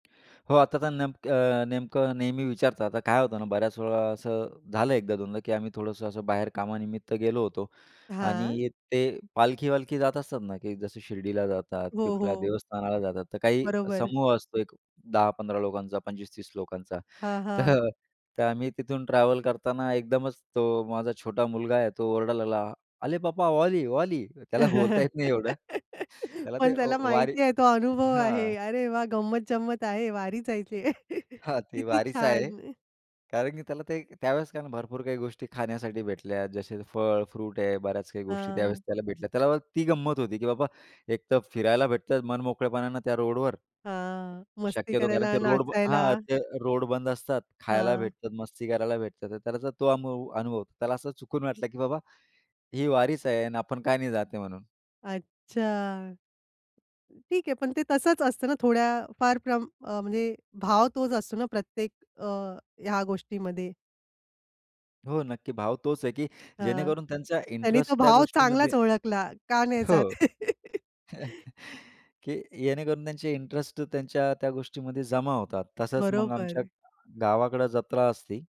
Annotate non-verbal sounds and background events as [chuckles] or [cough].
हो, आता तर नेमकं अ, नेमकं नेहमी विचारतात आता काय होतं ना, बऱ्याच वेळा असं झालं एकदा दोनदा, की आम्ही थोडंसं असं बाहेर कामानिमित्त गेलो होतो हां. आणि ते पालखी-वालखी जात असतात ना, की जसं शिर्डीला जातात, हो, कुठल्या हो. देवस्थानाला जातात. तर काही बरोबर. समूह असतो एक 10-15 लोकांचा, 25-30 लोकांचा. हां, तर हां. [chuckles] तर आम्ही तिथून ट्रॅव्हल करताना एकदमच तो माझा छोटा मुलगा आहे, तो ओरडायला लागला, "आले पापा वाली वाली." त्याला बोलता [laughs] येत नाही एवढं. त्याला ते पण अ, त्याला वा वारी माहिती आहे तो अनुभव आहे, हां. अरे वाह! गंमत-जंमत आहे, वारीच आहे ते. हां, [chuckles] ते किती वारीच आहे. छान. कारण की त्याला ते त्यावेळेस कारण भरपूर काही गोष्टी खाण्यासाठी भेटल्या. जसे फळ, फ्रूट आहे बऱ्याच काही गोष्टी त्यावेळेस हां. त्याला भेटल्या. त्याला वाटतं ती गंमत होती की बाबा एक तर फिरायला भेटतं मन मोकळेपणाने त्या रोडवर, हां, मस्ती शक्यतो कारण करायला, ते रोड नाचायला. हां, ते रोड बंद असतात. खायला हां. भेटतात, मस्ती करायला भेटतात, त्याला तो अनु अनुभव होतो त्याला असं चुकून वाटलं की बाबा ही वारीच आहे आणि आपण काय नाही जाते म्हणून. अच्छा. ठीक आहे, पण ते तसंच असतं ना, थोड्या फार प्रमा अ, म्हणजे भाव तोच असतो ना प्रत्येक अ, ह्या गोष्टीमध्ये. हो, नक्की भाव तोच आहे, की हां, जेणेकरून त्यांचा त्यांनी तो इंटरेस्ट त्या भाव गोष्टीमध्ये चांगलाच ओळखला, का नाही हो. जात? [chuckles] [laughs] की जेणेकरून त्यांचे इंटरेस्ट त्यांच्या त्या गोष्टीमध्ये जमा होतात. तसंच मग आमच्या बरोबर. गावाकडं जत्रा असते